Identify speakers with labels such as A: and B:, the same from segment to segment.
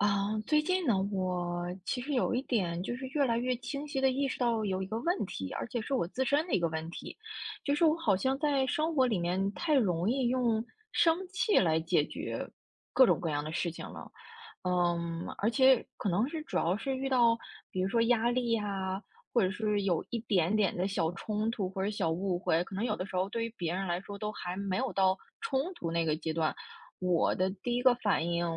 A: 啊，最近呢，我其实有一点，就是越来越清晰地意识到有一个问题，而且是我自身的一个问题，就是我好像在生活里面太容易用生气来解决各种各样的事情了。嗯，而且可能是主要是遇到，比如说压力呀，或者是有一点点的小冲突或者小误会，可能有的时候对于别人来说都还没有到冲突那个阶段。我的第1个反应，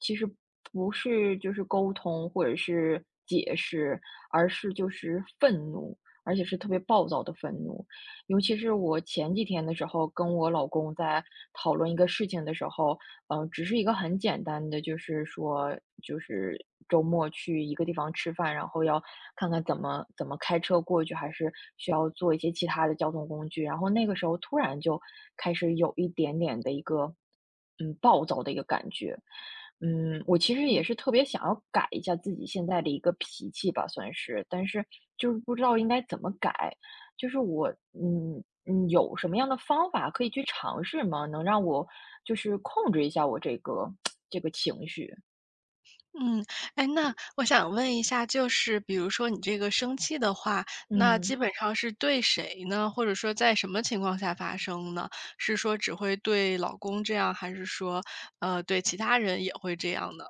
A: 其实不是就是沟通或者是解释，而是就是愤怒，而且是特别暴躁的愤怒。尤其是我前几天的时候，跟我老公在讨论一个事情的时候，呃，只是一个很简单的就是说就是周末去一个地方吃饭，然后要看看怎么怎么开车过去，还是需要坐一些其他的交通工具呀，然后那个时候突然就开始有一点点的一个嗯，暴躁的一个感觉。嗯，我其实也
B: 嗯。
A: 是特别想要改一下自己现在的一个脾气吧，算是，但是，就是不知道应该怎么改？就是我嗯嗯有什么样的方法可以去尝试吗？能让我就是控制一下我这个 这个情绪？
B: 嗯，哎，那我想问一下就是比如说你这个生气的话，那
A: 嗯。
B: 基本上是对谁呢？或者说在什么情况下发生呢？是说只会对老公这样？还是说，呃，对其他人也会这样呢？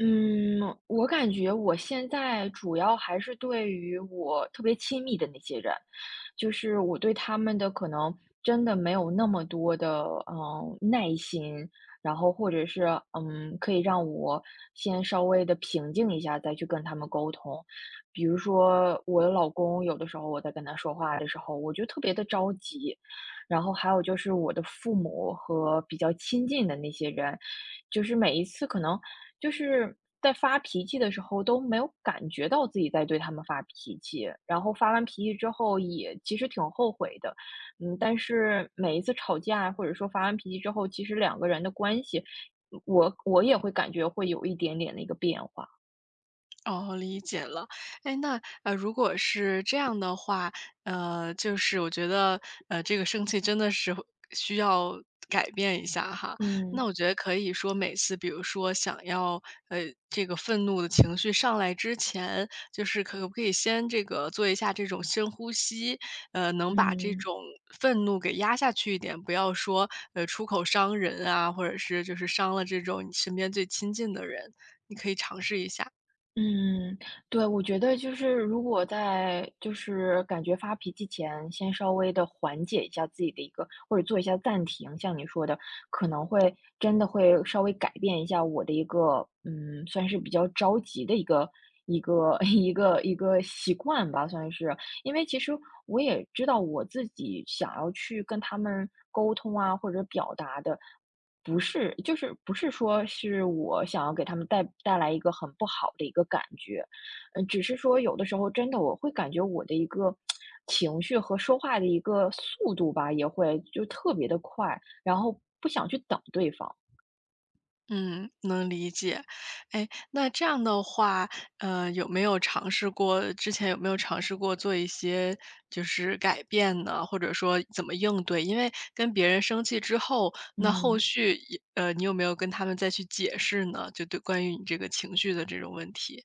A: 嗯，我感觉我现在主要还是对于我特别亲密的那些人。就是我对他们的可能，真的没有那么多的，呃，耐心，然后或者是，嗯，可以让我先稍微地平静一下，再去跟他们沟通。比如说我老公，有的时候我在跟他说话的时候，我就特别地着急，然后还有就是我的父母和比较亲近的那些人。就是每一次可能就是在发脾气的时候都没有感觉到自己在对他们发脾气，然后发完脾气之后也其实挺后悔的，嗯，但是每一次吵架，或者说发完脾气之后，其实两个人的关系，我我也会感觉会有一点点那个变化。
B: 啊，理解了。诶，那如果是这样的话，呃，就是我觉得，呃，这个生气真的是需要改变一下哈。那
A: 嗯。
B: 我觉得可以说每次比如说想要，呃，这个愤怒的情绪上来之前，就是可不可以先这个做一下这种深呼吸，呃，能把这
A: 嗯。
B: 种愤怒给压下去一点。不要说，呃，出口伤人啊，或者是就是伤了这种你身边最亲近的人，你可以尝试一下。
A: 嗯，对，我觉得就是如果在就是感觉发脾气前，先稍微地缓解一下自己的一个或者做一下暂停。像你说的，可能会真的会稍微改变一下我的一个，嗯，算是比较着急的一个一个一个一个习惯吧，算是。因为其实我也知道，我自己想要去跟他们沟通啊，或者表达的不是就是不是说是我想要给他们带带来一个很不好的一个感觉。嗯，只是说有的时候真的，我会感觉我的一个 情绪和说话的一个速度吧，也会就特别地快，然后不想去等对方。
B: 嗯，能理解。诶，那这样的话，呃，有没有尝试过之前有没有尝试过做一些就是改变呢，或者说怎么应对？因为跟别人生气之后，那后
A: 嗯。
B: 续一呃，你有没有跟他们再去解释呢，就对关于你这个情绪的这种问题？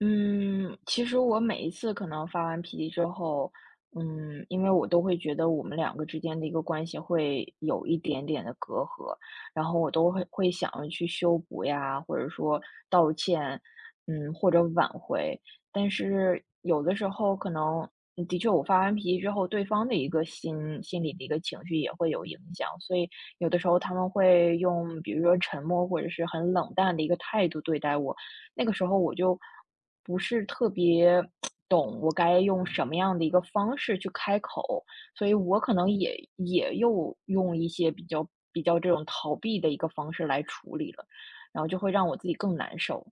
A: 嗯，其实我每一次可能发完脾气之后，嗯，因为我都会觉得我们两个之间的一个关系会有一点点的隔阂，然后我都会会想要去修补呀，或者说道歉，嗯，或者挽回。但是有的时候可能，嗯，的确我发完脾气之后，对方的一个心心里的一个情绪也会有影响。所以有的时候他们会用，比如说沉默，或者是很冷淡的一个态度对待我。那个时候我就不是特别 懂我该用什么样的一个方式去开口，所以我可能也也又用一些比较比较这种逃避的一个方式来处理了，然后就会让我自己更难受。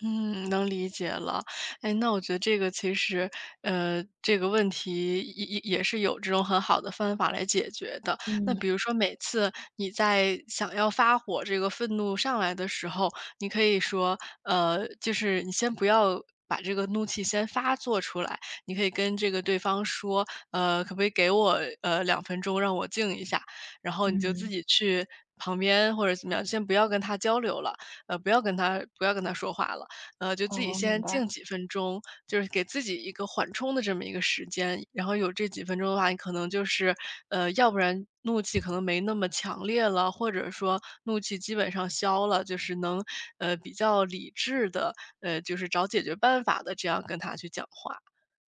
B: 嗯，能理解了。哎，那我觉得这个其实呃，这个问题也也也是有这种很好的方法来解决的。那
A: 嗯。
B: 比如说每次你在想要发火这个愤怒上来的时候，你可以说，呃，就是你先不要把这个怒气先发作出来，你可以跟这个对方说，呃，可不可以给我，呃，2分钟，让我静一下。然后你就自
A: 嗯。
B: 己去旁边，或者怎么样先不要跟他交流了，呃，不要跟他不要跟他说话了，呃，就自己
A: 哦，明
B: 先静
A: 白。
B: 几分钟，就是给自己一个缓冲的这么一个时间。然后有这几分钟的话，你可能就是，呃，要不然怒气可能没那么强烈了，或者说怒气基本上消了。就是能，呃，比较理智的，哎，就是找解决办法的这样跟他去讲话。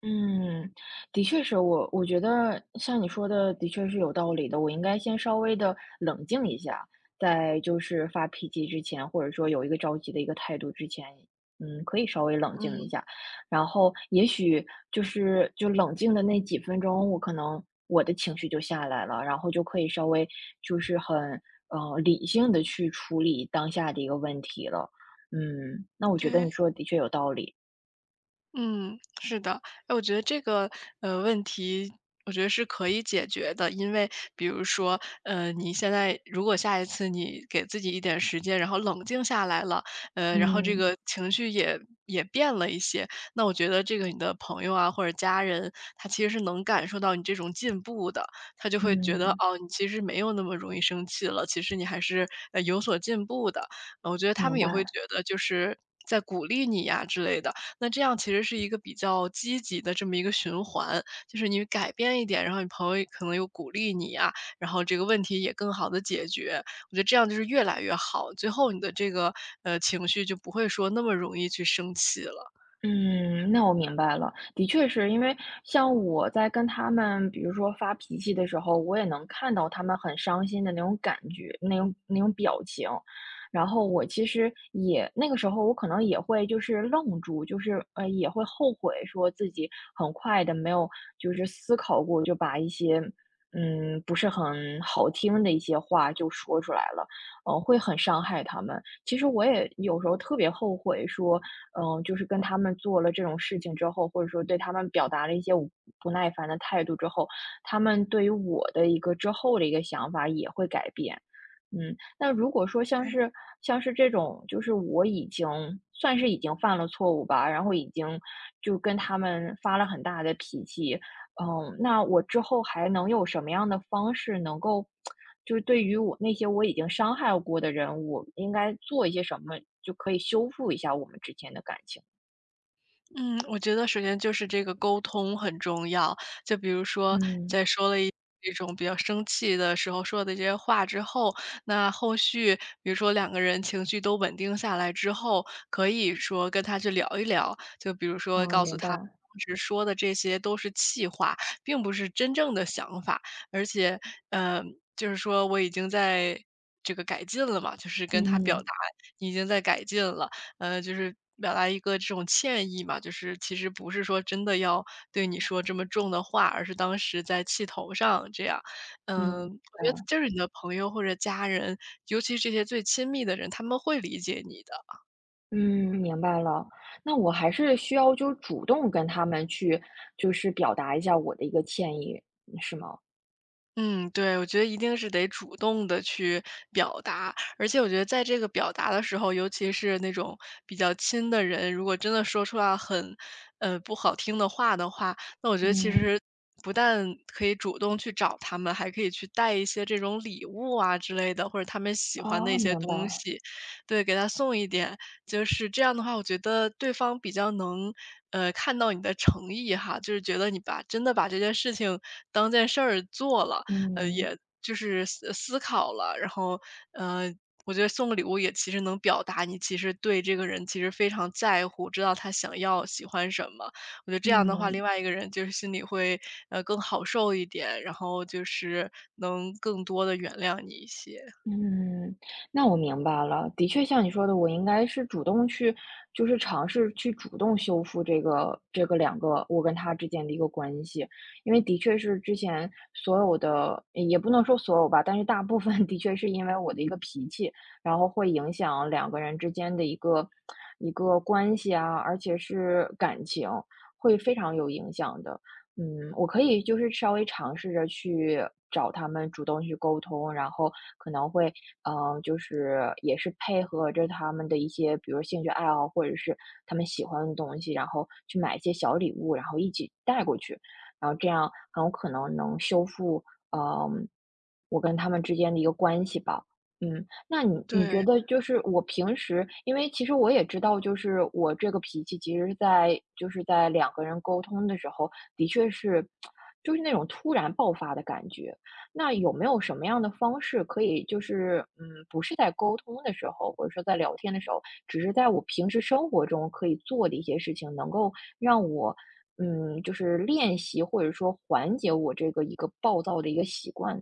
A: 嗯，的确是，我我觉得像你说的，的确是有道理的。我应该先稍微的冷静一下，在就是发脾气之前，或者说有一个着急的一个态度之前。嗯，可以稍微冷静
B: 嗯。
A: 一下，然后也许就是就冷静的那几分钟，我可能我的情绪就下来了。然后就可以稍微就是很，呃，理性地去处理当下的一个问题了，嗯，那我觉得你
B: 对。
A: 说的的确有道理。
B: 嗯，是的，哎，我觉得这个，呃，问题，我觉得是可以解决的。因为比如说，呃，你现在如果下一次你给自己一点时间，然后冷静下来了，呃，然后这
A: 嗯。
B: 个情绪也也变了一些，那我觉得这个你的朋友啊，或者家人，他其实是能感受到你这种进步的。他就会觉得，
A: 嗯。
B: 哦，你其实没有那么容易生气了。其实你还是，呃，有所进步的，嗯，我觉得他
A: 明
B: 们也会
A: 白。
B: 觉得就是再鼓励你呀之类的，那这样其实是一个比较积极的这么一个循环。就是你改变一点，然后你朋友可能又鼓励你呀，然后这个问题也更好地解决。我觉得这样就是越来越好，最后你的这个，呃，情绪，就不会说那么容易去生气了。
A: 嗯，那我明白了。的确是，因为像我在跟他们，比如说发脾气的时候，我也能看到他们很伤心的那种感觉，那种那种表情。然后我其实也那个时候我可能也会就是愣住，就是，呃，也会后悔说自己很快地，没有就是思考过，就把一些，嗯，不是很好听的一些话就说出来了，呃，会很伤害他们。其实我也有时候特别后悔说，嗯，就是跟他们做了这种事情之后，或者说对他们表达了一些我不耐烦的态度之后，他们对于我的一个之后的一个想法也会改变。嗯，那如果说像
B: 对。
A: 是像是这种，就是我已经算是已经犯了错误吧，然后已经就跟他们发了很大的脾气，嗯，那我之后还能有什么样的方式能够 就是对于我那些我已经伤害过的人，我应该做一些什么，就可以修复一下我们之间的感情？
B: 嗯，我觉得首先就是这个沟通很重要。就比如说，
A: 嗯。
B: 在说了一种比较生气的时候说了那些话之后，那后续比如说两个人情绪都稳定下来之后，可以说跟他去聊一聊，就比如说
A: 哦，
B: 告诉
A: 明
B: 他
A: 白。
B: 当时说的这些都是气话，并不是真正的想法。而且，呃，就是说我已经在这个改进了嘛，就是跟他表
A: 嗯。
B: 达，已经在改进了。呃，就是表达一个这种歉意嘛，就是其实不是说真的要对你说这么重的话，而是当时在气头上这样。
A: 嗯，
B: 呃，
A: 明
B: 感觉
A: 白。
B: 就是你的朋友或者家人，尤其是这些最亲密的人，他们会理解你的。
A: 嗯，明白了。那我还是需要就是主动跟他们去就是表达一下我的一个歉意，嗯，是吗？
B: 嗯，对，我觉得一定是得主动地去表达。而且我觉得在这个表达的时候，尤其是那种比较亲的人，如果真的说出来很，嗯，不好听的话的话，那我觉得其
A: 嗯。
B: 实不但可以主动去找他们，还可以去带一些这种礼物啊之类的，或者他们喜欢的一
A: 哦，
B: 些
A: 明
B: 东
A: 白。
B: 西。对，给他送一点，就是这样的话，我觉得对方比较能，嗯，看到你的诚意哈，就是觉得你把真的把这件事情当件事儿做了，呃，
A: 嗯。
B: 也就是思思考了。然后，呃，我觉得送个礼物也其实能表达你其实对这个人其实非常在乎，知道他想要喜欢什么。我觉得这样的话，另
A: 嗯。
B: 外一个人就是心里会，呃，更好受一点，然后就是能更多地原谅你一些。
A: 嗯，那我明白了。的确像你说的，我应该是主动去，就是尝试去主动修复这个这个两个我跟他之间的一个关系。因为的确是之前，所有的也不能说所有吧，但是大部分的确是因为我的一个脾气，然后会影响两个人之间的一个 一个关系啊，而且是感情，会非常有影响的，嗯。我可以就是稍微尝试着去找他们主动去沟通，然后可能会，呃，就是也是配合着他们的一些比如说兴趣爱好，或者是他们喜欢的东西，然后去买一些小礼物，然后一起带过去，然后这样很有可能能修复，呃，我跟他们之间的一个关系吧。嗯，那你你觉
B: 对。
A: 得就是我平时因为其实我也知道，就是我这个脾气，其实是在就是在两个人沟通的时候，的确是 就是那种突然爆发的感觉。那有没有什么样的方式可以就是，嗯，不是在沟通的时候，或者说在聊天的时候，只是在我平时生活中可以做的一些事情，能够让我，嗯，就是练习或者说缓解我这个一个暴躁的一个习惯？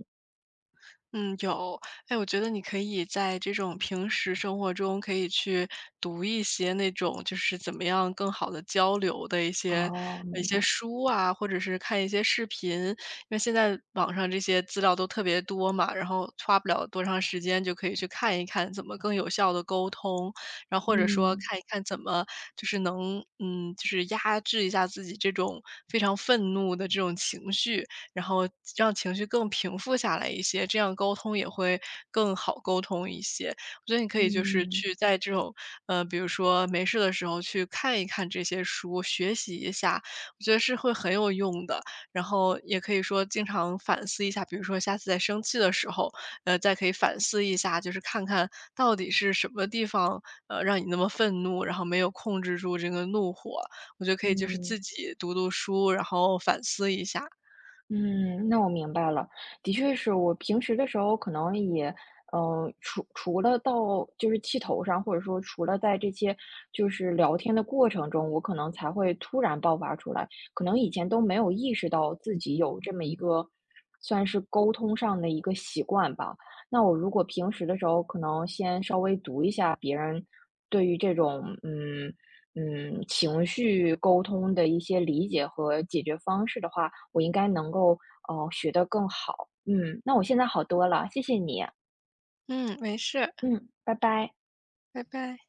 B: 嗯，有，哎，我觉得你可以在这种平时生活中，可以去读一些，那种就是怎么样更好地交流的一些
A: 哦，
B: 一
A: 明
B: 些
A: 白。
B: 书啊，或者是看一些视频。因为现在网上这些资料都特别多嘛，然后花不了多长时间，就可以去看一看怎么更有效地沟通。然后或者说
A: 嗯。
B: 看一看怎么就是能嗯，就是压制一下自己这种非常愤怒的这种情绪。然后让情绪更平复下来一些，这样沟通也会更好沟通一些。我觉得你可以就是
A: 嗯。
B: 去在这种呃，比如说没事的时候去看一看这些书，学习一下，我觉得是会很有用的。然后也可以说经常反思一下，比如说下次在生气的时候，呃，再可以反思一下，就是看看到底是什么地方，呃，让你那么愤怒，然后没有控制住这个怒火？我觉得可以就是
A: 嗯。
B: 自己读读书，然后反思一下。
A: 嗯，那我明白了。的确是我平时的时候可能也，呃，除除了到就是气头上，或者说除了在这些，就是聊天的过程中，我可能才会突然爆发出来。可能以前都没有意识到，自己有这么一个算是沟通上的一个习惯吧。那我如果平时的时候，可能先稍微读一下别人对于这种嗯嗯，情绪沟通的一些理解和解决方式的话，我应该能够，呃，学得更好。嗯，那我现在好多了，谢谢你。
B: 嗯，没事。
A: 嗯，拜拜。
B: 拜拜。